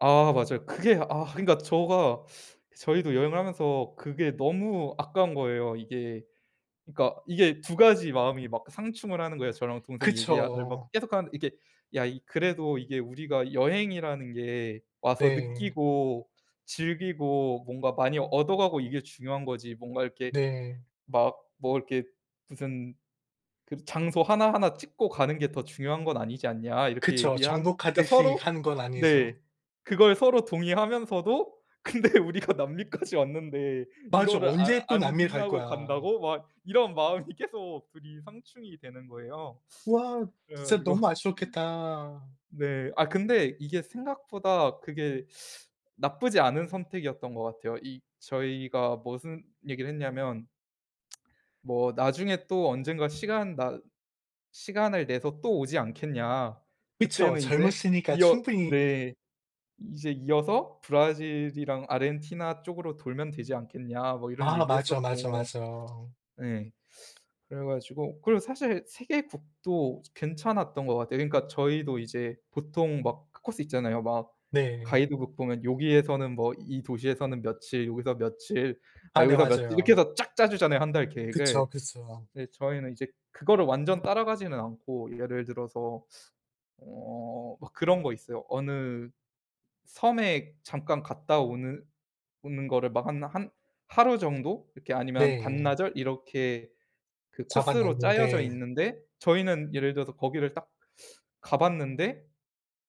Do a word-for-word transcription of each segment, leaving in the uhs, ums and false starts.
아 맞아요. 그게 아 그러니까 저가 저희도 여행을 하면서 그게 너무 아까운 거예요 이게. 그러니까 이게 두 가지 마음이 막 상충을 하는 거예요. 저랑 동생이 얘기알 를 막 그쵸. 계속하는데 이게 "야 이 그래도 이게 우리가 여행이라는 게 와서 네. 느끼고 즐기고 뭔가 많이 얻어가고 이게 중요한 거지. 뭔가 이렇게 네. 막 뭐 이렇게 무슨 그 장소 하나하나 찍고 가는 게 더 중요한 건 아니지 않냐." 이렇게 그쵸. 얘기한 그러니까 정복하듯이 서로 하는 건 네. 아니죠. 그걸 서로 동의하면서도 "근데 우리가 남미까지 왔는데 맞아. 이거를 안 언제 또 남미를 안 갈 하고 거야. 간다고?" 막 이런 마음이 계속 둘 이 상충이 되는 거예요. 와. 그래 진짜 가지고 너무 아쉬웠겠다. 네. 아 근데 이게 생각보다 그게 나쁘지 않은 선택이었던 것 같아요. 이 저희가 머슨 얘기를 했냐면 "뭐 나중에 또 언젠가 시간 나 시간을 내서 또 오지 않겠냐. 그쵸. 그때는 이제 젊으시니까 이어" 충분히 네. "이제 이어서 브라질이랑 아르헨티나 쪽으로 돌면 되지 않겠냐." 뭐 이런 아. 맞아, 맞아, 얘기했었고. 맞아. 예. 그래가지고 그리고 사실 세 개국도 괜찮았던 것 같아요. 그러니까 저희도 이제 보통 막 그 코스 있잖아요. 막 네. 가이드북 보면 요기에서는 뭐 이 도시에서는 며칠 여기서 며칠 막 아 네. 여기서 며칠 이렇게 맞아요. 해서 쫙 짜 주잖아요, 한 달 계획을. 그쵸, 그쵸. 근데 저희는 이제 그거를 완전 따라가지는 않고 예를 들어서 어 막 그런 거 있어요. 어느 섬에 잠깐 갔다 오는 오는 거를 막 하나 한 하루 정도 이렇게 아니면 네. 반나절 이렇게 그 코스로 짜여져 잡아놨는데 있는데 저희는 예를 들어서 거기를 딱 가 봤는데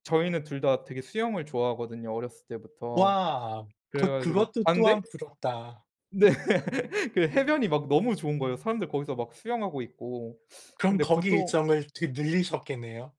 저희는 둘 다 되게 수영을 좋아하거든요 어렸을 때부터. 와. 그래 그것 가지고 그것도 봤는데 또한 부럽다. 네. 그 해변이 막 너무 좋은 거예요, 사람들 거기서 막 수영하고 있고. 그럼 근데 거기 보통 일정을 어떻게 늘리셨겠네요?